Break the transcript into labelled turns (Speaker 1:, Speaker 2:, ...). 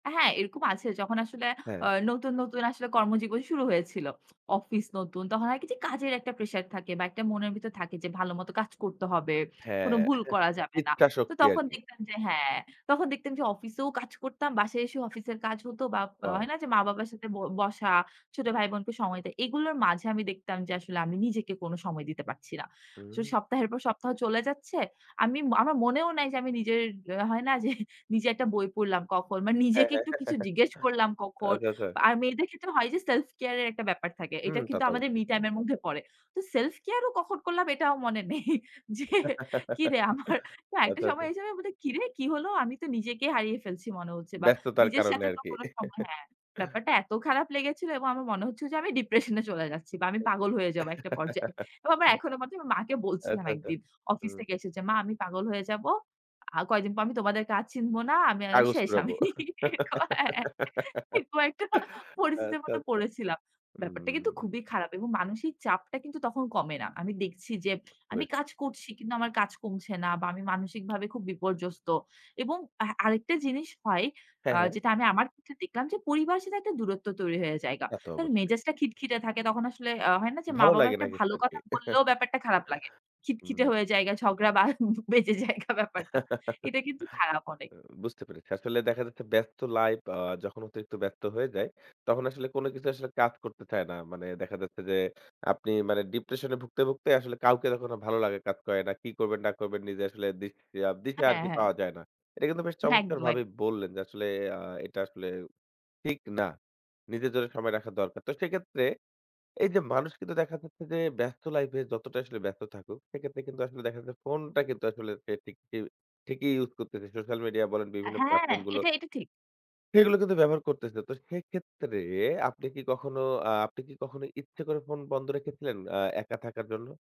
Speaker 1: আ হ্যাঁ, এরকম আছে। যখন আসলে আ
Speaker 2: হ্যাঁ।
Speaker 1: নতুন, নতুন আসলে কর্মজীবন শুরু হয়েছিল। অফিস নতুন, তখন হয় কী যে কাজের একটা প্রেশার থাকে বা একটা মনের ভিতর থাকে যে, ভালো মতো কাজ করতে হবে, কোনো
Speaker 2: হ্যাঁ,
Speaker 1: ভুল করা যাবে না।
Speaker 2: ইচ্ছা
Speaker 1: তো
Speaker 2: শক্তি
Speaker 1: তখন
Speaker 2: আরকি।
Speaker 1: দেখতাম যে, হ্যাঁ, তখন দেখতাম যে অফিসেও কাজ করতাম। বাসায় এসেও অফিসের কাজ হতো বা
Speaker 2: ওয়াও!
Speaker 1: হয় না যে মা-বাবার সাথে ব বসা, ছোট ভাই-বোনকে সময় দেয়, এগুলোর মাঝে আমি দেখতাম যে আসলে আমি নিজেকে কোনো সময় দিতে পারছি না। সো
Speaker 2: হু।
Speaker 1: সপ্তাহের পর সপ্তাহ চলে যাচ্ছে। আমি আমার মনেও নাই যে আমি নিজের হয় না যে নিজে একটা বই পড়লাম কখ মানে
Speaker 2: হ্যাঁ,
Speaker 1: নিজেকে
Speaker 2: হ্যাঁ।
Speaker 1: একটু কিছু জিজ্ঞেস করলাম কখন।
Speaker 2: আচ্ছা, আচ্ছা।
Speaker 1: আর মেয়েদের ক্ষেত্রে হয় যে সেলফ কেয়ারের একটা ব্যাপার থাকে।
Speaker 2: হুম,
Speaker 1: এটা
Speaker 2: তা
Speaker 1: কিন্তু
Speaker 2: তো
Speaker 1: আমাদের
Speaker 2: অবশ্যই।
Speaker 1: মি টাইমের মধ্যে পড়ে। তো সেলফ কেয়ারও কখন করলাম, এটাও মনে নেই। যে কিরে, আমার না, একটা
Speaker 2: আচ্ছা, আচ্ছা।
Speaker 1: সময় এসে আমি বলি, কিরে, কী হলো? আমি তো নিজেকেই হারিয়ে ফেলছি মনে হচ্ছে বা
Speaker 2: ব্যস্ততার
Speaker 1: নিজের
Speaker 2: কারণে
Speaker 1: সাথে তো
Speaker 2: আরকি।
Speaker 1: কোনো সময় হ্যাঁ, ব্যাপারটা এত খারাপ লেগেছিল এবং আমার মনে হচ্ছিল যে আমি ডিপ্রেশনে চলে যাচ্ছি বা
Speaker 2: এ
Speaker 1: আমি পাগল হয়ে যাব একটা পর্যায়ে। এবং আমার এখনো মনে আছে মাকে বলছিলাম,
Speaker 2: আচ্ছা, আচ্ছা।
Speaker 1: একদিন অফিস
Speaker 2: হুম।
Speaker 1: থেকে এসে যে, মা আমি পাগল হয়ে যাব, আর কয়েকদিন পর আমি তোমাদের আর চিনব না, আমি আর এ
Speaker 2: কাগজ
Speaker 1: শেষ
Speaker 2: কুড়াবো।
Speaker 1: আমি। কয়ে কয়েকটা পরিস্থিতির
Speaker 2: আচ্ছা,
Speaker 1: মধ্যে
Speaker 2: আচ্ছা।
Speaker 1: পড়েছিলাম। ব্যাপারটা কিন্তু
Speaker 2: উম
Speaker 1: খুবই খারাপ এবং মানসিক চাপটা কিন্তু তখন কমে না। আমি দেখছি যে
Speaker 2: বুঝতে
Speaker 1: আমি
Speaker 2: পেরেছি।
Speaker 1: কাজ করছি কিন্তু আমার কাজ কমছে না বা আমি মানসিকভাবে খুব বিপর্যস্ত এবং আ আরেকটা জিনিস হয়, আ
Speaker 2: হ্যাঁ, হ্যাঁ।
Speaker 1: যেটা আমি আমার ক্ষেত্রে দেখলাম যে পরিবারের সাথে একটা দূরত্ব তৈরি হয়ে যায়গা।
Speaker 2: তা তো
Speaker 1: কারণ
Speaker 2: অবশ্যই।
Speaker 1: মেজাজটা খিটখিটে থাকে তখন আসলে আ হয় না যে
Speaker 2: ভালো
Speaker 1: মা-বাবা
Speaker 2: লাগে
Speaker 1: একটা
Speaker 2: নাকি
Speaker 1: ভালো কথা
Speaker 2: স্যারকে?
Speaker 1: বললেও ব্যাপারটা খারাপ লাগে। খিটখিটে
Speaker 2: উম
Speaker 1: হয়ে যায়গা, ঝগড়া বা বেজে যায়গা ব্যাপারটা। এটা কিন্তু খারাপ অনেক।
Speaker 2: বুঝতে পেরেছি। আসলে দেখা যাচ্ছে ব্যস্ত লাইফ আ যখন অতিরিক্ত ব্যস্ত হয়ে যায়, তখন আসলে কোনো কিছু আসলে কাজ করতে চায় না। মানে দেখা যাচ্ছে যে আপনি মানে ডিপ্রেশনে ভুগতে, ভুগতে আসলে কাউকে তখন আর ভালো লাগা কাজ করে না। কী করবেন না করবেন, নিজে আসলে দিশা দিশা
Speaker 1: হ্যাঁ,
Speaker 2: আরকি
Speaker 1: হ্যাঁ।
Speaker 2: পাওয়া যায় না। এটা কিন্তু বেশ
Speaker 1: একদম, এক
Speaker 2: চমৎকারভাবেই বললেন যে আসলে আ এটা আসলে ঠিক না। নিজের জন্য সময় রাখা দরকার। তো সেক্ষেত্রে এইযে মানুষ কিন্তু দেখা যাচ্ছে যে ব্যস্ত লাইফে যতটা আসলে ব্যস্ত থাকুক, সেক্ষেত্রে কিন্তু আসলে দেখা যায় ফোনটা কিন্তু আসলে সে ঠিক ইউ ঠিকই ইউজ করতেসে সোশ্যাল মিডিয়া বলেন,
Speaker 1: আ
Speaker 2: বিভিন্ন
Speaker 1: হ্যাঁ,
Speaker 2: প্লাটফর্মগুলো
Speaker 1: এটা এটা ঠিক।
Speaker 2: সেগুলো কিন্তু ব্যবহার করতেসে। তো সেক্ষেত্রে আপনি কি কখনো আ আপনি কি কখনো ইচ্ছে করে ফোন বন্ধ রেখেছিলেন অ্যা একা থাকার জন্য?